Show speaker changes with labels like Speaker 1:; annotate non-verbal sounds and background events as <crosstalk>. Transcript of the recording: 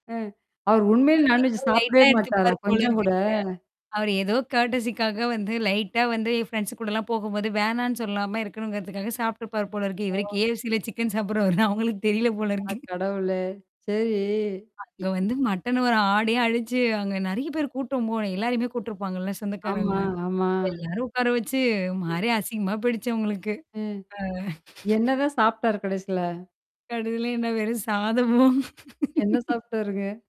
Speaker 1: ம். அவர்
Speaker 2: அ
Speaker 1: உண்மையில
Speaker 2: ஏதோ
Speaker 1: நான்வெஜ் சாப்பிடவே
Speaker 2: லைட்டா
Speaker 1: மாட்டாரா?
Speaker 2: எடுத்துபாரு போல
Speaker 1: கொஞ்சம் கூட!
Speaker 2: இருக்குங்க. அவரு ஏதோ கர்ட்டஸிக்காக வந்து லைட்டா வந்து என் ஃப்ரெண்ட்ஸ் கூடலாம் போகும்போது வேணான்னு சொல்லாம இருக்கணுங்கிறதுக்காக சாப்ட்டுருப்பாரு போல இருக்கு. இவரு KFC ல சிக்கன் சாப்பிடுறவாருன்னு அவுங்களுக்கு தெரியல
Speaker 1: அட
Speaker 2: போலிருக்கு.
Speaker 1: கடவுளே! சரி
Speaker 2: அங்க வந்து மட்டன் வர ஆட்டயே அழிச்சு அங்க நெறைய பேர் கூட்டம் போல எல்லாரையுமே கூட்டுருப்பாங்கள்ல சொந்தக்காரங்க.
Speaker 1: ஆமா, ஆமா.
Speaker 2: எல்லாரும் உட்கார வச்சு ஒரு மாரி அசிங்கமா போயிடுச்சு அவுங்களுக்கு.
Speaker 1: அ.
Speaker 2: ஆ <chuckles>
Speaker 1: என்னதான் சாப்ட்டாரு கடைசில?
Speaker 2: கடைசில என்ன வெறும் சாதமும்
Speaker 1: என்ன சாப்ட்டாருங்க?